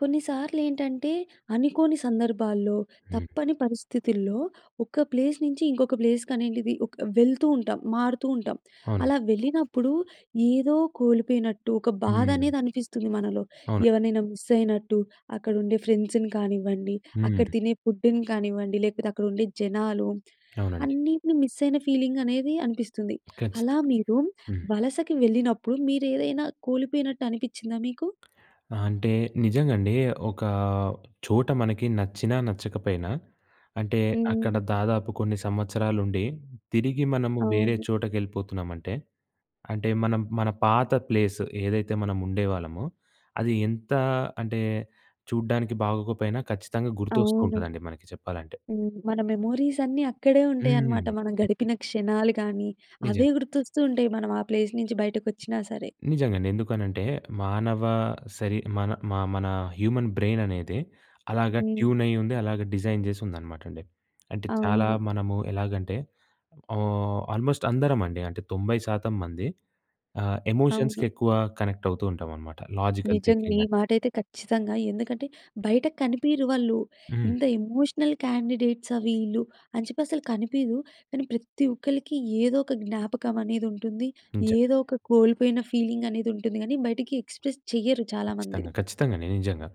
కొన్నిసార్లు ఏంటంటే అనుకోని సందర్భాల్లో హ్మ్. తప్పని పరిస్థితుల్లో ఒక ప్లేస్ నుంచి ఇంకొక ప్లేస్ కనేడిది ఒక వెళ్తూ ఉంటాం. మారుతూ ఉంటాం. అవునండి. అలా వెళ్ళినప్పుడు ఏదో కోల్పోయినట్టు ఒక బాధ హ్మ్. అనేది అనిపిస్తుంది మనలో. అవును. ఎవరినైనా మిస్ అయినట్టు అక్కడ ఉండే ఫ్రెండ్స్‌ని కానివ్వండి, అక్కడ హ్మ్. తినే ఫుడ్‌ని కానివ్వండి, లేకపోతే అక్కడ ఉండే జనాలు. అవునండి. అన్నిటిని మిస్ అయిన ఫీలింగ్ అనేది అనిపిస్తుంది. అలా ఖచ్చితం. మీరు హ్మ్. వలసకి వెళ్ళినప్పుడు మీరు ఏదైనా కోల్పోయినట్టు అనిపిచ్చిందా మీకు? ఆ! అంటే నిజంగండి. ఒక చోట మనకి నచ్చినా, నచ్చకపోయినా. అంటే హ్మ్. అక్కడ దాదాపు కొన్ని సంవత్సరాలు ఉండి తిరిగి మనము వేరే అవును. చోటకెళ్ళిపోతున్నామంటే అంటే మనం మన పాత ప్లేసు ఏదైతే మనం ఉండేవాళ్ళమో, అది ఎంత అంటే చూడ్డానికి బాగోకపోయినా ఖచ్చితంగా గుర్తొస్తూ అవును. ఉంటదండి మనకి చెప్పాలంటే. హ్మ్. మన మెమోరీస్ అన్నీ అక్కడే ఉంటాయనమాట. హ్మ్. మనం గడిపిన క్షణాలు కానీ, నిజమే. అవే గుర్తొస్తూ ఉంటాయి. మనం ఆ ప్లేస్ నుంచి బయటకు వచ్చినా సరే. నిజంగండి. ఎందుకనంటే మానవ శరీ మన మా మన హ్యూమన్ బ్రెయిననేదె అలాగా హ్మ్. ట్యూన్ అయ్యి ఉంది అలాగ డిజైన్ చేసి ఉందనమాట అండి. అంటే చాలా అవును. మనము ఎలాగంటే ఆహ్, ఆల్మోస్ట్ అందరమండి. అంటే 90% మంది ఆహ్, అవును. ఎమోషన్స్‌కి ఎక్కువ కనెక్ట్ అవుతూ ఉంటాం అనమాట. లాజికల్ నిజంగా. థింకింగ్ ఈ అంటే మాటైతే ఖచ్చితంగా. ఎందుకంటే బయట కనిపీయరు వాళ్ళు. హ్మ్. ఇంత ఎమోషనల్ క్యాండిడేట్సా వీళ్ళు అని చెప్పి అసలు కనిపీయవు. కానీ ప్రతి ఒక్కళ్ళకి ఏదో ఒక జ్ఞాపకం అనేది ఉంటుంది. ఇంచ ఏదో ఒక కోల్పోయిన ఫీలింగ్ అనేది ఉంటుంది గానీ బయటికి ఎక్స్ప్రెస్ చేయరు చాలామంది. ఖచ్చితంగా. ఖచ్చితంగండి. నిజంగా.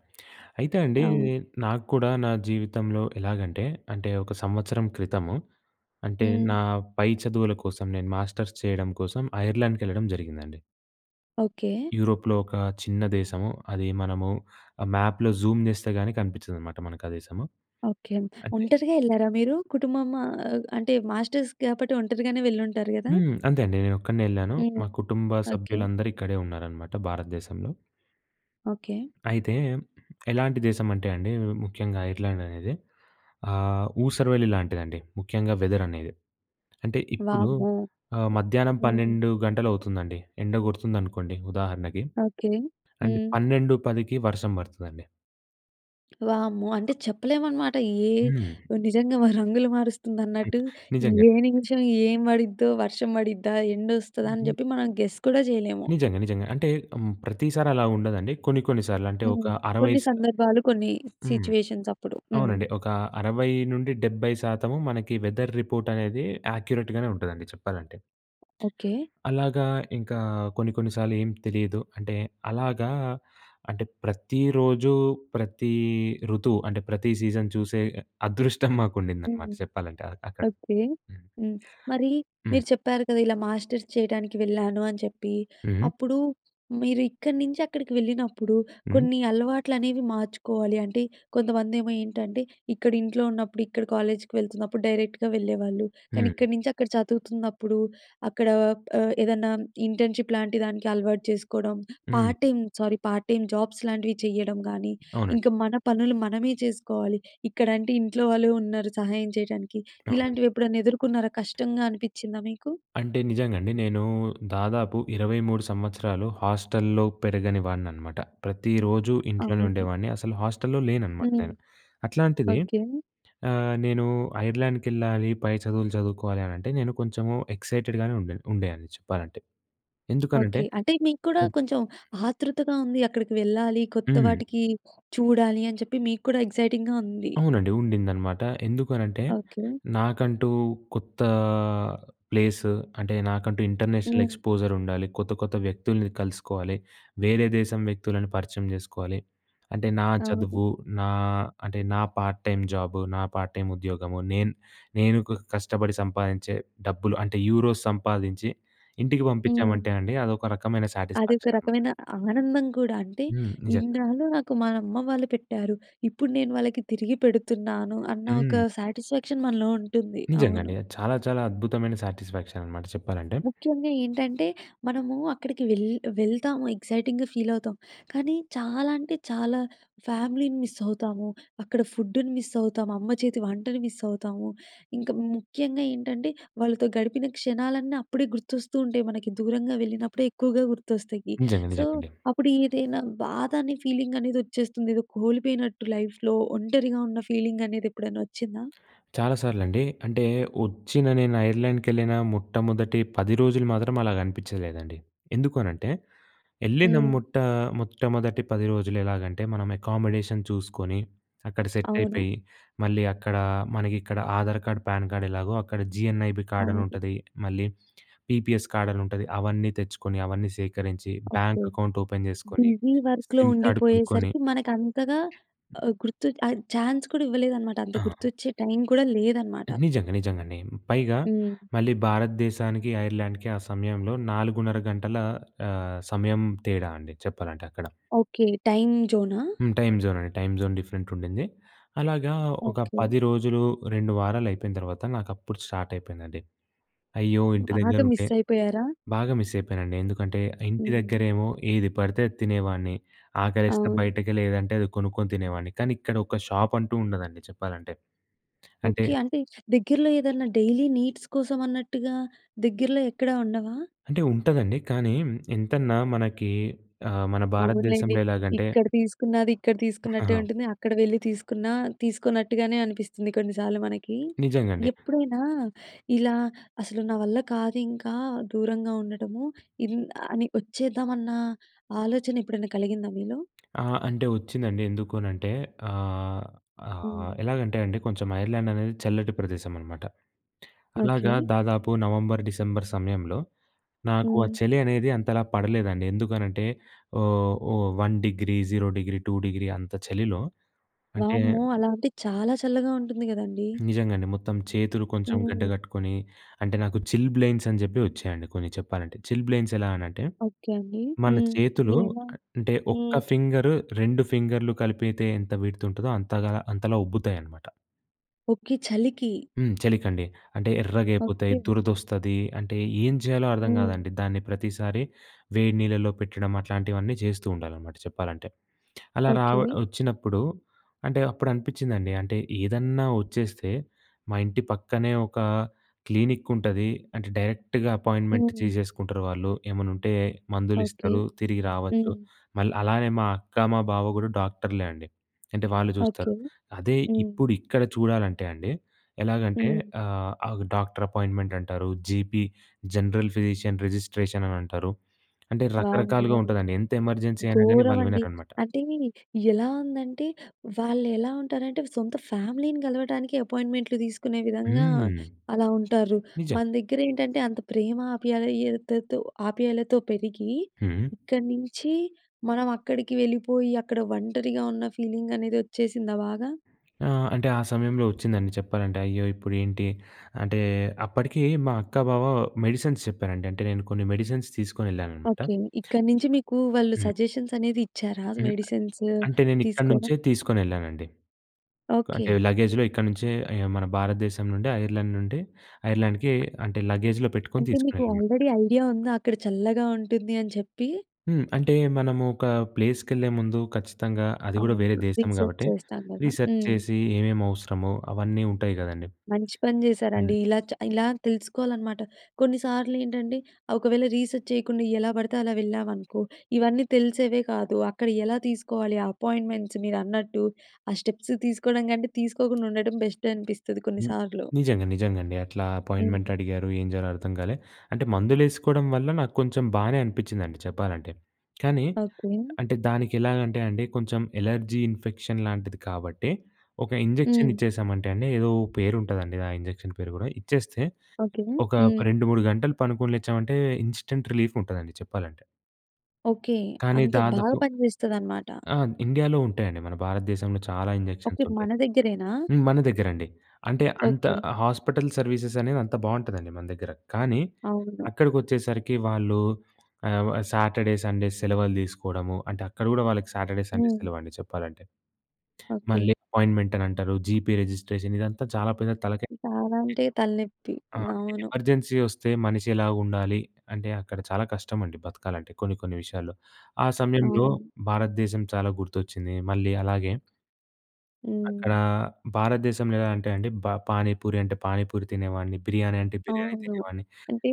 అయితే అండి అవును. నాకు కూడా నా జీవితంలో ఎలాగంటే అంటే ఒక సంవత్సరం క్రితము. అంటే హ్మ్. నా పై చదువుల కోసం నేను మాస్టర్స్ చేయడం కోసం ఐర్లాండ్‌కెళ్ళడం జరిగిందండి. ఓకె. యూరోప్‌లో ఒక చిన్న దేశము. అది మనము మ్యాప్‍లో జూమ్ చేస్తే కాని కనిపించదనమాట మనకు ఆ దేశము. ఓకె. అంటే ఒంటరిగా ఏళ్ళారా మీరు? కుటుంబము ఆహ్, అంటే మాస్టర్స్ కాబట్టి ఒంటరిగానే వెళ్ళి ఉంటారు కదా! హ్మ్. అంతే అండి. నేనొక్కడినే వెళ్ళాను. హ్మ్. మా కుటుంబ ఓకె. సభ్యులందరూ ఇక్కడే ఉన్నారన్నమాట భారతదేశంలో. ఓకె. అయితే ఎలాంటి దేశం అంటే అండి. ముఖ్యంగా ఐర్లాండ్ అనేది ఆహ్, ఊసరవెల్లి లాంటిదండి. ముఖ్యంగా వెదర్ అనేది. అంటే ఇప్పుడు వామ్మో! ఆహ్, మధ్యాహ్నం హ్మ్. 12:00 గంటలు అవుతుందండి. ఎండ కొడుతుందనుకోండి ఉదాహరణకి ఓకె. అంటే హ్మ్. 12:10కి వర్షం పడతాదండి. వామ్మో! అంటే చెప్పలేమనమాట. ఏ హ్మ్. నిజంగా రంగులు ఐత్ మారుస్తుందన్నట్టు నిజంగా. ఏ నిమిషం ఏం పడిద్దో? వర్షం పడిద్దా? ఎండ వస్తదా? అని హుహు. చెప్పి మనం గెస్ కూడా చేయలేము. నిజంగా, నిజంగా. అంటే హ్మ్. ప్రతిసారి అలా ఉండదండి. కొన్ని కొన్ని సార్లు అంటే ఒక హ్మ్. 60 కొన్ని స సందర్భాలు కొన్ని హ్మ్. సిట్యుయేషన్స్ అప్పుడు. హ్మ్. అవునండి. ఒక 60-70% మనకి వెదర్ రిపోర్ట్ అనేది ఆక్యురేట్ గానే ఉంటుందండి చెప్పాలంటే. ఓకె. అలాగా ఇంకా కొన్ని, కొన్ని సార్లు ఏం తెలీదు. అంటే అలాగా అంటే ప్రతిరోజు ప్రతి ఋతువు అంటే ప్రతి సీజన్ చూసే అదృష్టం మాకు ఉండిందన్నమాట హ్మ్. చెప్పాలంటే అక్కడ. ఓకె. హ్మ్. హ్మ్. మరి హ్మ్. మీరు చెప్పారు కదా! ఇలా మాస్టర్స్ చేయడానికి వెళ్ళాను అని చెప్పి. ఉహూ. అప్పుడు మీరు ఇక్కడి నుంచి అక్కడికి వెళ్ళినప్పుడు హ్మ్. కొన్ని అలవాట్లు అనేవి మార్చుకోవాలి. అంటే కొంతమంది ఏమో ఏంటంటే ఇక్కడ ఇంట్లో ఉన్నప్పుడు ఇక్కడ కాలేజ్‌కి వెళ్తున్నప్పుడు డైరెక్ట్‌గా వెళ్ళేవాళ్ళు. కానీ హ్మ్. ఇక్కడి నుంచి అక్కడ చదువుతున్నప్పుడు అక్కడ ఆహ్, ఏదన్నా ఇంటర్న్‌షిప్ లాంటి దానికి అలవాటు చేసుకోవడం. హ్మ్. Part time, sorry part time jobs లాంటివి చేయడం కానీ అవునండి. ఇంకా మన పనులు మనమే చేసుకోవాలి. ఇక్కడ అంటే ఇంట్లో వాళ్ళు ఉన్నారు సహాయం చేయడానికి. అవునండి. ఇలాంటివి ఎప్పుడైనా ఎదుర్కొన్నారా? కష్టంగా అనిపిచ్చిందా మీకు? అంటే నిజంగా అండి. నేను దాదాపు 23 సంవత్సరాలు హాస్టల్‍లో పెరగని వాడిని అనమాట. ప్రతిరోజు ఇంట్లోనే అవును. ఉండేవాడిని. అసలు హాస్టల్‌లో లేననమాట హ్మ్. నేను. అట్లాంటిది ఓకె. ఆహ్, నేను ఐర్లాండ్‍కెళ్ళాలి పై చదువులు చదువుకోవాలి అని అంటే నేను కొంచెం ఎక్సైటెడ్‍గానే ఉండే న్ ఉండేవాన్ని చెప్పాలంటే. ఎందుకనంటే ఓకె. అంటే మీకు కూడా హ్మ్. కొంచెం ఆతృతగా ఉంది. అక్కడికి వెళ్ళాలి, కొత్త హ్మ్. వాటికి చూడాలి అని చెప్పి మీకు కూడా ఎక్సైటింగ్‌గా ఉంది. అవునండి. ఉండిందనమాట. ఎందుకనంటే ఓకె. నాకంటూ కొత్త ప్లేసు అంటే నాకంటూ ఇంటర్నేషనల్ హ్మ్. ఎక్స్పోజర్ ఉండాలి. కొత్త కొత్త వ్యక్తుల్ని కలుసుకోవాలి. వేరే దేశం వ్యక్తులని పరిచయం చేసుకోవాలి. అంటే నా అవును. చదువు నా అంటే నా పార్ట్ టైం జాబు, నా పార్ట్ టైమ్ ఉద్యోగము నేను నేను కష్టపడి సంపాదించే డబ్బులు అంటే యూరోస్ సంపాదించి ఇంటికి హ్మ్. పంపించామంటే అండి అదొక రకమైన అది ఒక సా‌టిస్ఫ్యాక్షన్ అనమాట. రకమైన ఆనందం కూడా. అంటే హ్మ్. నిజంగా. ఇన్నాళ్ళు నాకు మన అమ్మ వాళ్ళు పెట్టారు. ఇప్పుడు నేను వాళ్ళకి తిరిగి పెడుతున్నాను అన్న హ్మ్. ఒక సాటిస్ఫ్యాక్షన్ మనలో ఉంటుంది. నిజంగా అవును. అండి. అది చాలా చాలా అద్భుతమైన సాటిస్ఫ్యాక్షన్ అన్నమాట చెప్పాలంటే. ముఖ్యంగా ఏంటంటే మనము అక్కడికి వెల్ వెళ్తాము ఎక్సైటింగ్‍గా ఫీల్ అవుతాం. కానీ చాలా అంటే చాలా ఫ్యామిలీని మిస్ అవుతాము. అక్కడ ఫుడ్డుని మిస్ అవుతాము. అమ్మ చేతి వంటను మిస్ అవుతాము. ఇంకా ముఖ్యంగా ఏంటంటే వాళ్ళతో గడిపిన క్షణాలన్నీ అప్పుడే గుర్తొస్తూ ఉంటాయి. మనకి దూరంగా వెళ్ళినప్పుడే ఎక్కువగా గుర్తొస్తాయి. నిజంగా సో నిజంగండి. అప్పుడు ఏదైనా బాధ అనే ఫీలింగ్ అనేది వచ్చేస్తుంది. ఏదో కోల్పోయినట్టు లైఫ్‌లో ఒంటరిగా ఉన్న ఫీలింగ్ అనేది ఎప్పుడైనా వచ్చిందా? చాలా సార్లండి. అంటే వచ్చిన నేను ఐర్లాండ్‌కెళ్ళిన మొట్టమొదటి 10 రోజులు మాత్రం అలాగ అనిపించలేదండి. ఎందుకు అనంటే వెళ్ళిన హ్మ్. మొట్ట మొట్టమొదటి 10 రోజులు ఎలాగంటే మనం అకామిడేషన్ చూసుకొని, అక్కడ సెట్ అవును. అయిపోయి. మళ్ళీ అక్కడ మనకి ఇక్కడ ఆధార్ కార్డ్, ప్యాన్ కార్డ్ ఎలాగో అక్కడ జీఎన్ఐబీ కార్డ్ అని అవును. ఉంటది. మళ్ళీ పీపీఎస్ కార్డ్ అని ఉంటది. అవన్నీ తెచ్చుకొని అవన్నీ సేకరించి ఓకె. బ్యాంక్ అకౌంట్ ఓపెన్ చేసుకొని బిజీ వర్క్‌లో సిమ్ కార్డ్ కొనుక్కొని ఉండిపోయేసరికి మనకు అంతగా ఆహ్, గుర్తుచే ఆ చాన్స్ కూడా ఇవ్వలేదన్నమాట. అంత ఆ! గుర్తొచ్చే టైం కూడా లేదన్నమాట. నిజంగా నిజంగండి. పైగా హ్మ్. మళ్ళీ భారతదేశానికి ఐర్లాండ్‌కి ఆ సమయంలో 4:30 గంటల ఆహ్, సమయం తేడా అండి. చెప్పాలంటే అక్కడ. ఓకె. టైం జోనా? హ్మ్. టైం జోన్ అండి. టైం జోన్ డిఫరెంట్ ఉండింది. అలాగా ఒక ఓకె. 10 రోజులు, 2 వారాలు అయిపోయిన తర్వాత నాకు అప్పుడు స్టార్ట్ అయిపోయిందండి. అయ్యో! ఇంటి దగ్గర బాగా ఉంటే మిస్ అయిపోయారా? బాగా మిస్ అయిపోయానండి. ఎందుకంటే ఇంటి హ్మ్. దగ్గరేమో ఏది పడితే అది తినేవాడిని. ఆకలేస్తే అవును. బయటకెళ్ళి ఏదంటే అది కొనుక్కొని తినేవాడిని. కానీ ఇక్కడ ఒక షాప్ అంటూ ఉండదండి చెప్పాలంటే. అంటే ఓకె. అంటే దగ్గరలో ఏదన్నా డైలీ నీడ్స్ కోసం అన్నట్టుగా దగ్గరలో ఎక్కడా ఉండవా? అంటే ఉంటదండి. కానీ ఎంతన్నా మనకి ఆహ్, మన అవునులెండి. భారతదేశంలో ఎలాగంటే ఇక్కడ తీసుకున్నది ఇక్కడ తీసుకున్నట్టే ఆహాహా! ఉంటుంది. అక్కడ వెళ్ళి తీసుకున్నా తీసుకోన్నట్టుగానే అనిపిస్తుంది కొన్ని సార్లు మనకి. నిజంగండి. ఎప్పుడైనా ఇలా అసలు నా వల్ల కాదు ఇంకా దూరంగా ఉండటము. ఇన్ అని వచ్చేద్దామన్న ఆలోచన ఎప్పుడైనా కలిగిందా మీలో? ఆ! అంటే వచ్చిందండి. ఎందుకనంటే ఆహ్, ఆహ్, హ్మ్. ఎలాగంటే అండి కొంచెం ఐర్లాండ్ అనేది చల్లటి ప్రదేశం అనమాట. ఓకె. అలాగా దాదాపు నవంబర్ డిసెంబర్ సమయంలో నాకు ఆ హ్మ్. చలి అనేది అంతలా పడలేదండి. ఎందుకనంటే ఓహ్, ఓహ్, 1 డిగ్రీ, 0 డిగ్రీ, 2 డిగ్రీ అంత చలిలో అంటే వామ్మో! అలా అంటే చాలా చల్లగా ఉంటుంది కదండీ. నిజంగాండి. మొత్తం చేతులు కొంచెం గడ్డ హ్మ్. కట్టుకొని అంటే నాకు చిల్‌బ్లెయిన్స్ అని చెప్పి వచ్చాయండి కొన్ని చెప్పాలంటే. చిల్‌బ్లెయిన్స్ ఎలా అనంటే ఓకె అండి. మన హ్మ్. చేతులు ఎలా? అ అంటే ఒక్క హ్మ్. ఫింగర్ 2 ఫింగర్‌లు కలిపితే ఎంత విడ్త్ ఉంటదో అంతగా అంతలా ఉబ్బుతాయన్నమాట. ఓకె. చలికి. హ్మ్. చలికండి. అంటే ఎర్రగా అయిపోతాయి. ఓకె. దురదొస్తది. అంటే, ఏం చెయ్యాలో అర్థం హ్మ్. కాదండి. దాన్ని ప్రతిసారి వేడి నీళ్లలో పెట్టడం, అట్లాంటివన్నీ చేస్తూ ఉండాలనమాట చెప్పాలంటే. అలా ఓకె. రావ వచ్చినప్పుడు, అంటే, అప్పుడనిపిచ్చిందండి. అంటే, ఏదన్నా వచ్చేస్తే, మా ఇంటి పక్కనే ఒకా క్లీనిక్కుంటది. అంటే, డైరెక్ట్‌గ అపాయిన్మెన్ట్ హ్మ్. తీసేసుకుంటారు వాళ్ళు. ఏమన్నుంటే మందులు ఓకె. ఇస్తరూ. తిరిగి రావచ్చు. హ్మ్. మళ్ అలానే, మా అక్క, మా బావ కూడా డాక్టర్లే అండి. అంటే, వాళ్ళు ఓకె. జూస్తరు. అదే హ్మ్. ఇప్పుడిక్కడ చూడాలంటే అండి, ఎలాగంటే, హ్మ్. ఆహ్, అవు డాక్టరపాయిన్మెన్ట్ అంటారు. జీపీ జనరల్ ఫిజీషియన్ రిజిస్ట్రేషన్ అనంటారు. అంటే, వామ్మో! రకరకాలుగా ఉంటదండి. ఎంత ఎమర్జెన్సీ అయినా గాని, వాళ్ళు ఘోరవండి! వినరనమాట. అంటే, ఎలా ఉందంటే, వాళ్ళెలా ఉంటారంటే, సొంత ఫ్యామిలీని కలవటానికే ఎపాయింట్‌మెంట్‌లు తీసుకునే విధంగా, హ్మ్. అలా ఉంటారు. నిజంగా! మన దగ్గరేంటంటే, అంత ప్రేమ ఆప్యాయతతో ఆప్యాయలతో పెరిగి, హ్మ్. ఇక్కడి నించి, మనవక్కడికి వెళ్ళిపోయి, అక్కడ ఒంటరిగా ఉన్న ఫీలింగనేది వచ్చేసిందా బాగా? ఆ! అంటే ఆ సమయంలో వచ్చిందండి చెప్పాలంటే. అయ్యో! ఇప్పుడేంటి అంటే, అప్పడికే మా అక్కా, బావ మెడిసిన్స్ చెప్పారండి. అంటే, నేను కొన్ని మెడిసిన్స్ తీసుకొనెళ్ళాననమాట. ఓకె. ఇక్కడి నుంచి మీకు వాళ్ళు హ్మ్. సజెషన్స్ అనేది ఇచ్చారా హ్మ్. మెడిసిన్సూ అంటే, నేనిక్కడి తీసుకోడం? నుంచే తీసుకొనెళ్ళానండి. క ఓకె. అంటే, లగేజ్‌లో ఇక్కడి నుంచే ఎ మన భారతదేశం నుండే, ఐర్లాండ్ నుండి, ఐర్లాండ్‌కే అంటే, లగేజ్‌లో పెట్టుకొని అంటే, మీకు తీసుకొనెళ్ళాననమా ఆల్రెడీ ఐడియా ఉందా, అక్కడ చల్లగా ఉంటుంది అని చెప్పి? హ్మ్. అంటే, మనము ఒక ప్లేస్‌కెళ్ళే ముందు ఖచ్చితంగా అది గూడా వేరే అవును. దేశం రీసెర్చ్ గాబట్టే, చేస్తాం కదా! రీసెర్చ్ హ్మ్. చేసి, ఏమేమవసరమో అవన్నీ ఉంటాయి కదండీ! మంచి పని హ్మ్. జేశారండి! ఇలా చ ఇలా తెలుసుకోవాలనమాట. కొన్నిసార్లేంటంటే, ఒకవేళ రీసెర్చ్ చేయకుండా, ఎలా పడితే అలా వెళ్ళామనుకో! ఇవన్నీ తెలిసేవే కాదు. అక్కడ ఎలా తీసుకోవాలి ఆ అపాయింట్మెంట్స్? మీరన్నట్టు, ఆ స్టెప్స్ తీసుకోడం కంటే, తీసుకోకుండా ఉండటం బెస్టే అనిపిస్తది హ్మ్. కొన్నిసార్లు. నిజంగా, నిజంగాండి. అట్లా హ్మ్. అపోయిన్మెన్ట్ అడిగారు. ఏం జేయాలో అర్థం కాలే. అంటే, మందులేసుకోడం వల్ల, నాకు కొంచెం బానే అనిపిచిందండి చెప్పాలంటే. కానీ, ఓకె. అంటే దానికెలాగంటే అండి, కొంచెం ఎలర్జీ ఇన్ఫెక్షన్ లాంటిది కాబట్టే, ఒక ఇంజెక్షన్ హ్మ్. ఇచ్చేసామంటే అండి, ఏదో ఓ పేరుంటదండి, ఆ ఇంజెక్షన్ పేరు గూడా. ఇచ్చేస్తే, ఓకె. ఒక హ్మ్. 2, 3 గంటలు పనుకుని లేచామంటే, ఇస్టెంట్ రిలీఫ్ ఉంటదండి చెప్పాలంటే. ఓకే. కానీ అంత బాగా దాదాపు. పనిచేస్తది అన్నమాట. ఆ! ఇండియాలో ఉంటాయండి. మన భారతదేశంలో చాలా ఇంజెక్షన్స్ ఓకే. ఉంటాయి. మన దగ్గరేనా? హ్మ్. మన దగ్గరండి. అంటే అంత ఓకే. హాస్పిటల్ సర్వీసెస్ అనేవి అంత బావుంటదండి మన దగ్గర. కానీ అవును. అక్కడికొచ్చేసరికి వాళ్ళు ఆ వ సాటర్‌డే సండేస్ సెలవులు తీసుకోవడము. అంటే అక్కడ కూడా వాళ్ళకి సాటర్‌డే సండే హ్మ్. సెలవండి చెప్పాలంటే. ఓకే. మళ్ళీ అపాయింట్మెంట్ అని అంటారు జీపీ రిజిస్ట్రేషన్ ఇదంతా చాలా పెద్ద తలకాయ. చాలా అంటే తల‌నేప్పి. ఆ! అవును. ఎమర్జెన్సీ వస్తే మనిషి ఎలా ఉండాలి. అంటే అక్కడ చాలా కష్టమండి బతకాలంటే కొన్ని కొన్ని విషయాల్లో. ఆ సమయంలో అవును. భారతదేశం చాలా గుర్తొచ్చింది. మళ్ళీ అలాగే అక్కడ హ్మ్. భారతదేశంలో ఎలా అంటే అండి. బ పానీ పూరి అంటే పానీ పూరి తినేవాడిని. బిర్యానీ అంటే బిర్యానీ అవును. తినేవాడిని. అంటే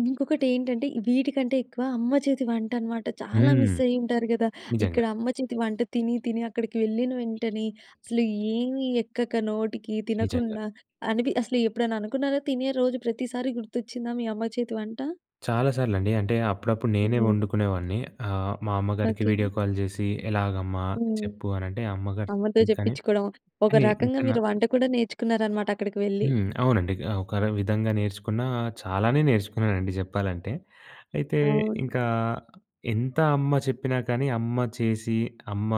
ఇంకొకటి ఏంటంటే వీటికంటే ఎక్కువ అమ్మ చేతి వంట అనమాట చాలా హ్మ్. మిస్ అయ్యి ఉంటారు కదా! నిజంగా. ఇక్కడ అమ్మ చేతి వంట తిని తిని అక్కడికి వెళ్ళిన వెంటనే అసలు ఏమి ఎక్కక నోటికి నిజంగా. తినకుండా అని‌‌పి అసలు ఎప్పుడైనా అనుకున్నారా తినే రోజు ప్రతిసారి గుర్తొచ్చిందా మీ అమ్మ చేతి వంట? చాలా సార్లండి. అంటే అప్పుడప్పుడు నేనే హ్మ్. వండుకునేవాడిని ఆహ్, మా అమ్మగారికి ఓకే. వీడియో కాల్ చేసి ఎలాగమ్మా హ్మ్. చెప్పు అని అంటే అమ్మగారు అమ్మతో చెప్పింది కానీ, చెప్పిచుకోవడం. ఒక కానీ రకంగా ఎంతయినా. మీరు వంట కూడా నేర్చుకున్నారనమాట అక్కడికి వెళ్ళి. హ్మ్. అవునండి. గ ఒక‌ర విధంగా నేర్చుకున్నా చాలానే నేర్చుకున్నానండి చెప్పాలంటే. అయితే అవును. ఇంకా ఎంత అమ్మ చెప్పినా కానీ అమ్మ చేసి, అమ్మ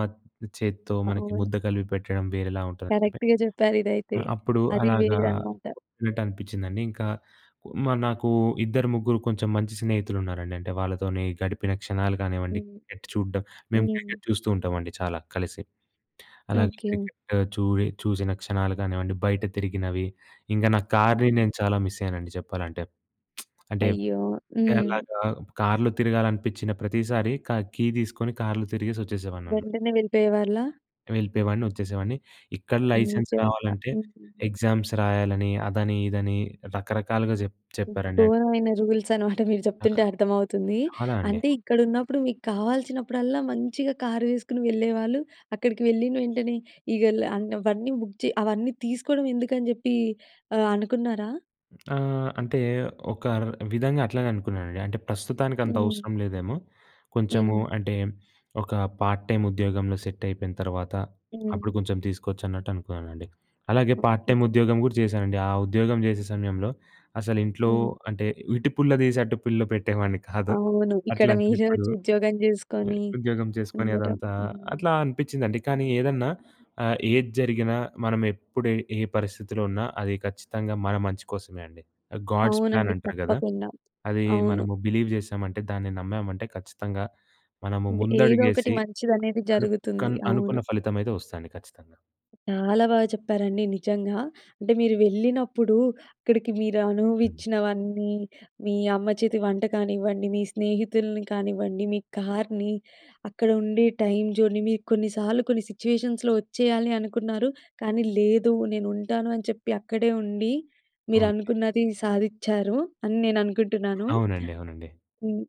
చేత్తో మనకి అవును. ముద్ద కలిపి పెట్టడం వేరేలా ఉంటదండి. కరెక్ట్‌గా చెప్పారు ఇదైతే. ఆహ్, అప్పుడు అది అలాగా వేరన్నమాట. ఉనట్టు అనిపించిందండి. ఇంకా మరీ నాకు ఇద్దరు ముగ్గురు కొంచెం మంచి స్నేహితులున్నారండి. అంటే వాళ్ళతోనే గడిపిన క్షణాలు కానివ్వండి. హ్మ్. క్రికెట్ చూడ్డం మేము హ్మ్. క్రికెట్ చూస్తూ ఉంటామండి చాలా కలిసి. అలాగే ఓకే. క్రికెట్ చూ‌ఇ చూసిన క్షణాలు కానివ్వండి బయట తిరిగినవి ఇంగ నా కార్‌ని హుహు. నేను చాలా మిస్ అయ్యానండి చెప్పాలంటే. అంటే అంటే అయ్యో! హ్మ్. అలాగా కార్‌లో తిరగాలనిపిచ్చిన ప్రతిసారి క కీ తీసుకొని కార్‌లో తిరిగేసి వచ్చేసేవాడిని అన్నమా వెంటనే వెళ్ళిపోయేవాళ్ళా? వెళ్ళిపోయేవాడిని, వొచ్చేసేవాడిని. ఇక్కడ లైసెన్స్ నిజంగా. రావాలంటే, హ్మ్. ఎగ్జామ్స్ రాయాలని, అదని, ఇదని, రకరకాలుగా జెప్ హ్మ్. చెప్పారండి. అన్ గోరమైన రూల్స్ అనమాట. మీరు ఆ! చెప్తుంటే అర్థమవుతుంది. చాలా అండి. అంటే ఇక్కడున్నప్పుడు మీకు కావాల్సినప్పుడల్లా మంచిగా కారు వేసుకొనెళ్ళేవాళ్ళు, అక్కడికి వెళ్ళిన వెంటనే ఇగా ల ఆన్ అవన్నీ బుక్ చే అవన్నీ తీసుకోవడం ఎందుకని చెప్పి ఆహ్, అనుకున్నారా? ఆహ్, అంటే, ఒక ర్ విధంగా అట్లనే అనుకున్నానండి. అంటే, ప్రస్తుతానికంత హ్మ్. అవసరం లేదేమో! కొంచెము హ్మ్. అంటే, ఒక పార్ట్ టైమ్ ఉద్యోగంలో సెట్టయిపోయిన తర్వాత, హ్మ్. అప్పుడు కొంచెం తీసుకోవచ్చు అన్నట్టు అనుకున్నానండి. అలాగే పార్ట్ ఓకే. టైమ్ చెప్ ఉద్యోగం కూడా చేశానండి. ఆ ఉద్యోగం చేసే సమయంలో అసలు ఇంట్లో హ్మ్. అంటే, ఇటు పుల్ల తీసి అటు పుల్ల పెట్టేవాడిని కాదు. అవును. ఇక్కడ అట్లాంటిది మీరే ఇప్పుడు, వొచ్చి ఉద్యోగం చేసుకొని ఉద్యోగం చేసుకొని ఉండటం. అదంతా హ్మ్. అట్లా అనిపిచిందండి. కానీ ఏదన్నా ఆహ్, ఏది జరిగినా మనం ఎప్పుడు ఏ పరిస్థితిలో ఉన్నా, అది ఖచ్చితంగా మన మంచి కోసమే అండి. గాడ్స్ ప్లాన్ అవునండి. అంటరు కదా! తప్పకుండా. అది అవును. మనము బిలీవ్ చేసామంటే, దాన్ని నమ్మామంటే, ఖచ్చితంగా మనము ది ఏదో ఒకటి ముందడుగేసి మంచిదనేది జరుగుతుంది. అనుక్కన్ అనుకున్న అవును. ఫలితం అయితే వొస్తదండి ఖచ్చితంగా. చాలా బాగా చెప్పారండి. నిజంగా. అంటే మీరు వెళ్ళినప్పుడు అక్కడికి మీరు హ్మ్. అనుభవిచ్చినవన్నీ, మీ అమ్మ చేతి వంట కానివ్వండి, మీ స్నేహితుల్ని కానివ్వండి, మీ కార్‌ని, అక్కడ ఉండే టైమ్ జోన్‍ని, మీరు కొన్నిసార్లు కొన్ని సిట్యుయేషన్స్‌లో వచ్చేయాలి అనుకున్నారు కానీ లేదు. నేను ఉంటాను అని చెప్పి, అక్కడే ఉండి, మీరు అవునండి. అనుకున్నది సాధిచ్చారు. అని నేను అనుకుంటున్నాను. అవునండి. అవునండి. హ్మ్.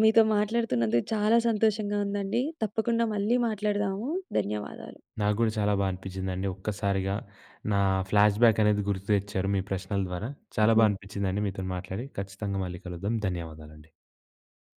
మీతో మాట్లాడుతున్నందుకు చాలా సంతోషంగా ఉందండి. తప్పకుండా మళ్ళీ మాట్లాడదాము. ధన్యవాదాలు. నాకు గూడా చాలా బా అనిపిచిందండి. ఒక్కసారిగా నా ఫ్లాష్‌బ్యాక్ అనేది గుర్తు తెచ్చారు, మీ ప్రశ్నల ద్వారా. చాలా బా హ్మ్. అనిపించిందండి మీతోని మాట్లాడి. ఖచ్చితంగా మళ్ళీ కలుద్దాం. ధన్యవాదాలండి.